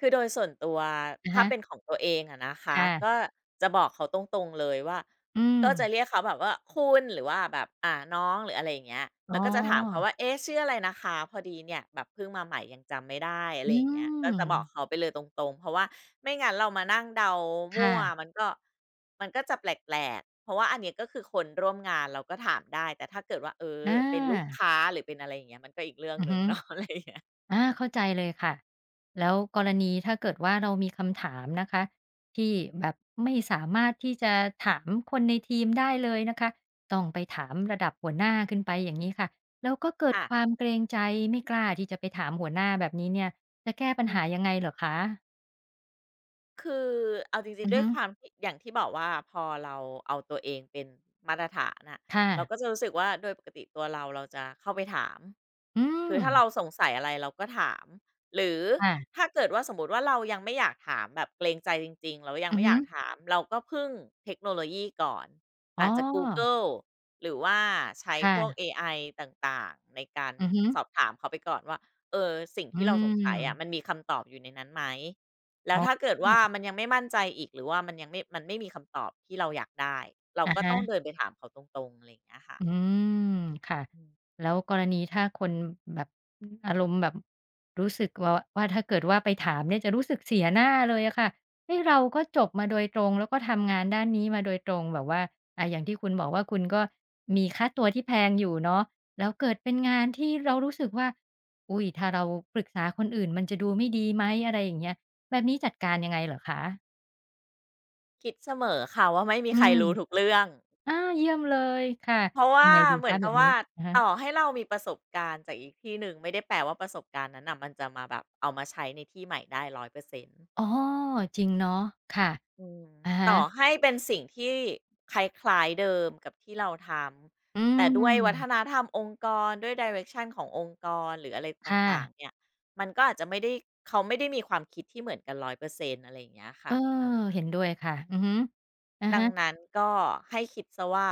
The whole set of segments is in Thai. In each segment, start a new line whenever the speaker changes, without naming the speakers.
คือโดยส่วนตัว
อะ
ถ้
ฮ
าเป
ะ
็นของตัวเองอะนะค
ค
ะ
่ะ
ก็จะบอกเขาตรง ๆ เลยว่า
อื
ก็จะ
ม
เรียกเขาแบบว่า คุณ หรือว่าแบบ อ่า น้องหรืออะไรอย่างเงี้ย
อ
แ
๋
ล
อ
้วก็จะถามเขาว่า "เอ๊ะ! ชื่ออะไรนะคะ พอดีเนี่ย แบบเพิ่งมาใหม่ยังจำไม่ได้" อะไ
อื
รอย่างเงี้ย ก็จะบอก
ม
เขาไปเลยตรง ๆ เพราะว่าไม่งั้นเรามานั่งเดาม
ค
ั
่
่ว
ะ
มันก็ มันก็จะแปลก ๆ เพราะว่า อันเนี้ย ก็คือคนร่วมงานเราก็ถามได้แต่ถ้าเกิดว่า เอ่อ
อ
เป็นลูก
า
ค้า หรือเป็นอะไรอย่างเงี้ยมันก็อีกเรื่อง
อื
ห
อ
นึ
ฮ
่ง
ึ
เนาะ อะไรอย่างเงี้ย
อ่า เข้าใจเลยค่ะ แล้วกรณีถ้าเกิดว่า เรามี คำถามนะคะ ที่แบบไม่สามารถที่จะถามคนในทีมได้เลยนะคะ ต้องไปถามระดับหัวหน้าขึ้นไปอย่างงี้ค่ะ แล้วก็เกิด
ค่
ค
ะ
วามเกรงใจไม่กล้าที่จะไปถามหัวหน้าแบบนี้เนี่ย จะแก้ปั
อ
ญ
ื
หา
ม
ยังไงเหรอคะ?
คือเอาจริ
อ
ง
ื
ๆ
อ
ด้
ฮ
วย
ึ
ความที่ อย่างที่บอกว่า พอเราเอาตัวเองเป็นมาตรฐานอะ
ค่
เร
ะ
าก็จะรู้สึกว่าโดยปกติ ตัวเรา เราจะเข้าไปถาม
อื
คือถ้าเร
ม
าสงสัยอะไร เราก็ถาม หรือ
ค่ะ
ถ้าเกิดว่าสมมติว่า เรายังไม่อยากถามแบบเกรงใจจริง ๆ แล้วยัง
อื
ไม
อ
่
ฮ
อย
ึ
ากถาม เราก็พึ่งเทคโนโลยีก่อน
อ
อ
๋อ
าจจะกูเกิล หรือว่าใช้
ค่
พวก
ะ
เอไอ ต่าง ๆ ในการ
อือฮึ
สอบถามเขาไปก่อนว่า เออ สิ่ง
อื
ที่เราสงสัยอะ
ม
มันมีคำตอบอยู่ในนั้นไหม แล้
อ
วถ้าเกิดว่
๋
า
อ
มันยังไม่มั่นใจอีก หรือว่ามันยัง มันไม่มีคำตอบ ที่เราอยากได้ เรา
อะ
ก็
ฮ
ต้อง
ะ
เดินไปถามเขาตรง ๆ อะไรอย่างเงี้ยค่ะ
อืม ค่ะ
อืม
แล้วกรณีถ้าคนแบบ อารมณ์แบบ รู้สึกว่า ว่าถ้าเกิดว่า ไปถามเนี่ย จะรู้สึกเสียหน้าเลยอะค่ะ เฮ้ย! เราก็จบมาโดยตรง แล้วก็ทำงานด้านนี้มาโดยตรง แบบว่า อ่า อย่างที่คุณบอกว่า คุณก็มีค่าตัวที่แพงอยู่เนาะ แล้วเกิดเป็นงานที่เรารู้สึกว่า อุ๊ย! ถ้าเราปรึกษาคนอื่นมันจะดูไม่ดีไหม อะไรอย่างเงี้ย แบบนี้จัดการยังไงเหรอคะ?
คิดเสมอค่ะ ว่าไม่มี
อื
ใคร
ม
รู้ทุกเรื่อง
อ่า เยี่ยมเลยค่ะ
เพราะว
ยั
่า
งไงดี
เหม
ค
ือ
ะ?
น
แ
ก
บ
ับ
บ
ว
นี
่
้
า
อะฮะ
ต่อให้เรามีประสบการณ์จากอีกที่หนึ่ง ไม่ได้แปลว่า ประสบการณ์นั้นน่ะ มันจะมาแบบเอามาใช้ในที่ใหม่ได้ 100%
อ๋อ จริงเนาะ ค่ะ
อืม
อะฮ
ต่อ
ะ
ให้เป็นสิ่งที่คล้าย ๆ เดิมกับที่เราท
อื
ำ แต่ด้วยวัฒ
ม
นธรรมองค์กร ด้วย Direction ขององค์กร หรืออะไรต
ค่
่า
ะ
ง ๆ เนี่ย มันก็อาจจะไม่ได้ เขาไม่ได้มีความคิดที่เหมือนกัน 100% อะไรอย่างเงี้ยค
เอ
่ะ
อ
อะฮะ
เห็นด้วย ค่ะ อือฮึ อะ
ดั
ฮ
ง
ะ
นั้น ก็ให้คิดเสียว่า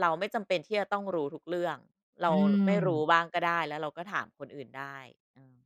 เราไม่จำเป็นที่จะต้องรู้ทุกเรื่อง เร
อ
า
ื
ไม่รู้
ม
บ้างก็ได้ แล้วเราก็ถามคนอื่นได้ อืม